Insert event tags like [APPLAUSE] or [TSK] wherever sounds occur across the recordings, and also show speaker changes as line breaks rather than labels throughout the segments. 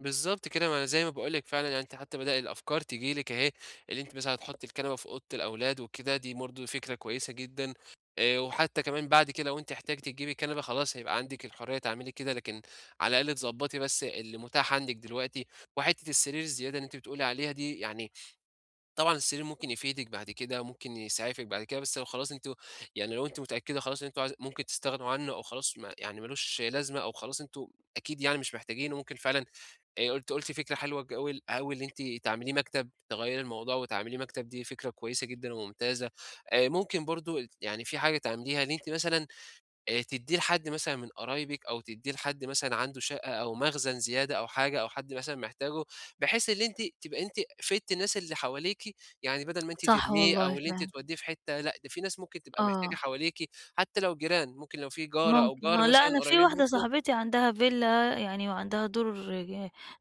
بالضبط كده، ما أنا زي ما باقول لِك فعلًا عني أنتِ حتى بدأ الأفكار تيجي لِك أهي، اللي أنتِ مثلًا هتحطي الكنبة في أوضة الأولاد وكده، دي برضو فكرة كويسة جدًا. آآ، وحتى كمان بعد كده لو أنتِ احتجتِ تجيبي كنبة خلاص هيبقى عندِك الحرية تعملي كده، لكن على الأقل تضبّطي بس اللي متاح عندِك دلوقتي. وحتّة السرير الزيادة اللي أنتِ بتقولي عليها دي يعني طبعًا السرير ممكن يفيدِك بعد كده، ممكن يسعفِك بعد كده، بس لو خلاص أنتم يعني لو أنتِ متأكدة خلاص إن أنتم عايز ممكن تستغنوا عنه أو خلاص ما يعني ما لوش لازمة أو خلاص أنتم أكيد يعني مش محتاجينه ممكن فعلًا، آآ، أنتِ قُلتِ فكرة حلوة جول أوي إن أنتِ تعمليه مكتب، تغيّري الموضوع وتعمليه مكتب دي فكرة كويسة جدًا وممتازة. آآ، ممكن برضو ال يعني فيه حاجة تعمليها إن أنتِ مثلًا آآ، تدّيه لحد مثلًا من قرايبِك أو تدّيه لحد مثلًا عنده شقة أو مخزن زيادة أو حاجة، أو حد مثلًا محتاجه، بحيث اللي أنتِ تبقى أنتِ فدتِ الناس اللي حواليكِ، يعني بدَل ما
[TSK]
أنتِ
صح
ترميه
والله
أو اللي أنتِ
فعلًا.
توديه في حتّة لأ ده فيه ناس ممكن تبقى محتاجة
آه.
حواليكِ، حتى لو جيران، ممكن لو فيه جارة أو
ممكن، هو
جار
لأ
مثلًا
أنا فيه
قريّبين
واحدة
منكم
صاحبتي عندها villa يعني وعندها دُور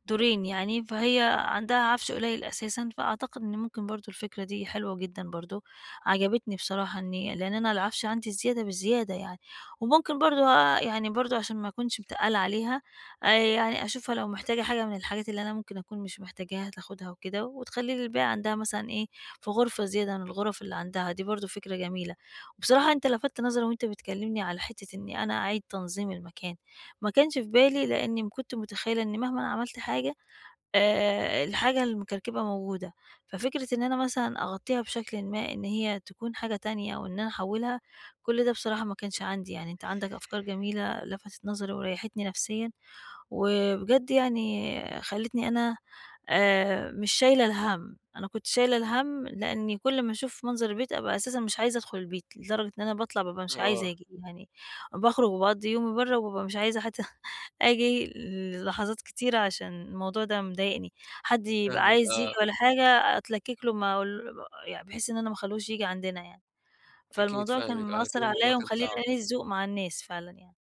دورين يعني، فهي عندها عَفش قليّل أساسًا، فأعتقد إن ممكن برضو الفكرة دي حلوة جدًا برضو، عجبتني بصراحة إني لإن أنا العَفش عندي زيادة بزيادة يعني. وممكن برضو آآ، يعني برضو عشان ما أكُونش متقلّة عليها، آآ، يعني أشوفها لو محتاجة حاجة من الحاجات اللي أنا ممكن أكُون مش محتاجاها تاخدها وكده، وتخلّي لي الباقي عندها مثلًا إيه في غرفة زيادة من الغرف اللي عندها، دي برضو فكرة جميلة. وبصراحة أنت لَفتّ نظري وأنت بتكلمني على حتة إني أنا أعيِد تنظيم المكان، ما كانش في بالي لإني كنت متخيلة إن مهماً عملت حاجة، آآ، الحاجة المكركبة موجودة. ففكرة إن أنا مثلًا أغطيها بشكل ما إن هي تكُون حاجة تانية أو إن أنا أحوّلها، كُلّ ده بصراحة ما كانش عندي، يعني أنت عندك أفكار جميلة لفتت نظري وريحتني نفسيًا، وبجد يعني خلّيتني أنا آآ، مش شايلة الهَم. أنا كنت شايلة الهَم لإني كُلّ أمّا أشوف منظر البيت أبقى أساسًا مش عايزة أدخُل البيت، لدرجة إن أنا باطلَع بابقى مش عايزة
آه.
آجي يعني، باخرُج وباقضّي يومي برّا وبابقى مش عايزة حتى [CHUCKLES] آجي ل لحظات كتيرة عشان الموضوع ده مضايقني. حد يبقى
فاهمِك،
عايز ييجي
آه.
والّا حاجة أتلكك له ما أقول يعني بحيث إن أنا ما أخلّيهوش ييجي عندنا يعني،
أكيد
فالموضوع كان
فاهمِك، آه، أكيد
مأثر
الموضوع
عليَّ
كان
ومخلّيني
صعب.
قليل الذوق مع الناس فعلًا يعني.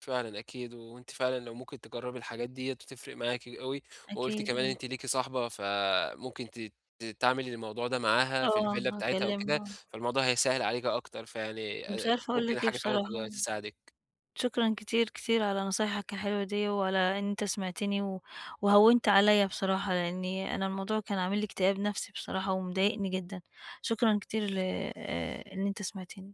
فعلًا أكيد، وأنتِ فعلًا لو ممكن تجربي الحاجات ديّة هتفرِق معاكِ أوي. وقُلتِ
أكيد
كمان إن
آه.
أنتِ ليكِ صاحبة، فممكن ت ت تعمل الموضوع ده معاها في
آه،
الvilla بتاعتها أو كده،
هاكلمها.
فالموضوع هيسهّل عليكِ أكتر، فيعني
مش
آآ،
عارفة أقول
ممكن
لك إيه
حاجة فعلًا تبقى
بصراحة.
تساعدِك.
شكرًا كتير، كتير على نصايحك الحلوة دي، وعلى إن أنت سمَعتني و وهوّنت عليَّ بصراحة، لإني أنا الموضوع كان عامل لي اكتئاب نَفْسي بصراحة ومضايقني جدًا. شكرًا كتير ل آآ، إن أنت سمَعتني.